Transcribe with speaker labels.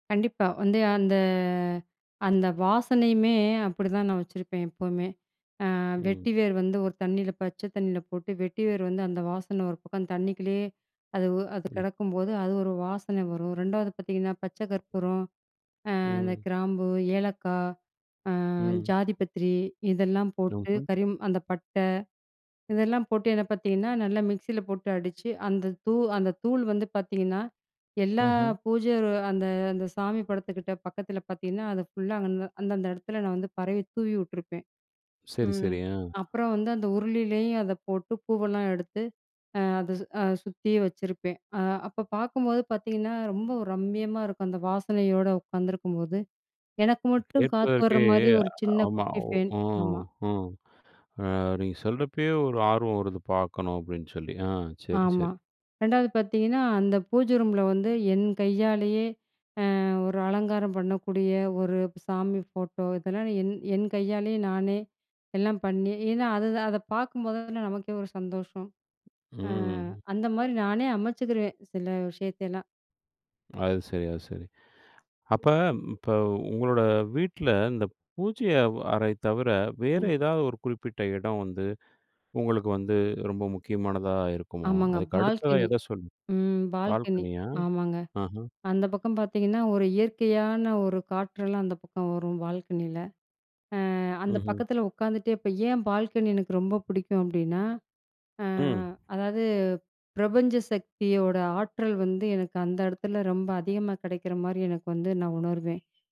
Speaker 1: கண்டிப்பா. வந்து அந்த, அந்த வாசனையுமே அப்படித்தான் நான் வச்சிருப்பேன், எப்பவுமே. அ
Speaker 2: ம்.
Speaker 1: வெட்டி வேர் வந்து ஒரு தண்ணில பச்சை தண்ணில போட்டு, வெட்டி வேர் வந்து அந்த வாசன ஒரு பக்கம் தண்ணிக்குள்ளயே அது உ அது
Speaker 2: ம்.
Speaker 1: கிடக்கும்போது, அது ஒரு வாசனை வரும். 2ஆவது பாத்தீங்கன்னா, பச்சை கற்பூரம், அ அந்த
Speaker 2: ம்.
Speaker 1: கிராம்பு, ஏலக்காய், அ
Speaker 2: ம்.
Speaker 1: ஜாதி பத்திரி, இதெல்லாம் போட்டு,
Speaker 2: ம்ஹ்ம்.
Speaker 1: கறிம் அந்த பட்டை இதெல்லாம் போட்டு என்ன பாத்தீங்கன்னா, நல்லா மிக்ஸில போட்டு அடிச்சு அந்த தூ அந்த தூள் வந்து பாத்தீங்கன்னா, எல்லா
Speaker 2: ம்ஹ்ம்.
Speaker 1: பூஜை ரூ அந்த அந்த சாமி படத்துக்கிட்ட பக்கத்தில பாத்தீங்கன்னா, அது ஃபுல்லா அங்க ந அந்தந்த எடத்துல நான் வந்து பரவி தூவி உட்ருப்பேன்.
Speaker 2: சரி,
Speaker 1: ம்.
Speaker 2: சரி. ஆ.
Speaker 1: அப்புறம் வந்து, அந்த உருளிலேயும் அதை போட்டு, பூவெல்லாம் எடுத்து அ அதை சு அ சுத்தியும் வச்சிருப்பேன். அ அப்ப பாக்கும்போது பாத்தீங்கன்னா, ரொம்ப ரம்மியமா இருக்கும். அந்த வாசனையோட உக்காந்துருக்கும்போது எனக்கு மட்டும் காத்து
Speaker 2: கேட்பதற்கே
Speaker 1: வர்ற மாரி ஒரு சின்ன
Speaker 2: ஆமா.
Speaker 1: குட்டி
Speaker 2: ஒ
Speaker 1: ஃபேன். ஆமா.
Speaker 2: ஆ, ஆ. நீங்க சொல்றப்பயே ஒரு ஆர்வம் வருது, "பாக்கணும்." அப்படின்னு சொல்லி. ஆ. சரி,
Speaker 1: ஆமா.
Speaker 2: சரி.
Speaker 1: 2ஆவது பாத்தீங்கன்னா, அந்த பூஜை ரூமில வந்து, என் கையாலயே அ ஒரு அலங்காரம் பண்ணக்கூடிய ஒரு சாமி ஃபோட்டோ இதெல்லாம் என் என் கையாலயே நானே எல்லாம் பண்ணி ஏன்னா, அதுதான் அத பாக்கும்போது தான நமக்கே ஒரு சந்தோஷம். அ
Speaker 2: ம்.
Speaker 1: அந்த மாதிரி நானே அமைச்சுக்குருவேன், சில விஷயத்தையெல்லாம்.
Speaker 2: அது சரி, அது சரி. அப்ப இப்ப உங்களோட வீட்ல இந்த பூஜைய வ் அறை தவிர, வேற
Speaker 1: ம்.
Speaker 2: ஏதாவது ஒரு குறிப்பிட்ட இடம் வந்து உங்களுக்கு வந்து ரொம்ப முக்கியமானதா இருக்குமா?
Speaker 1: ஆமாங்க.
Speaker 2: அதுக்கு அடுத்ததா
Speaker 1: பால்கனி.
Speaker 2: எதை சொல்லு
Speaker 1: ம். பால்கனி.
Speaker 2: பால்கனியா!
Speaker 1: ஆமாங்க.
Speaker 2: ஆஹா.
Speaker 1: அந்த பக்கம் பாத்தீங்கன்னா ஒரு இயற்கையான ஒரு காற்றெல்லாம் அந்த பக்கம் வரும், பால்கனியில. அ அந்த
Speaker 2: ம்ஹ்ம்.
Speaker 1: பக்கத்தில உக்காந்துட்டே இப்போ ஏன் பால்கனி எனக்கு ரொம்ப புடிக்கும்? அப்படின்னா அ
Speaker 2: ம்.
Speaker 1: அதாவது பிரபஞ்ச சக்தியோட ஆற்றல் வந்து எனக்கு அந்த எடத்துல ரொம்ப அதிகமா கெடைக்கிற மாரி எனக்கு வந்து நான் உணருவேன்.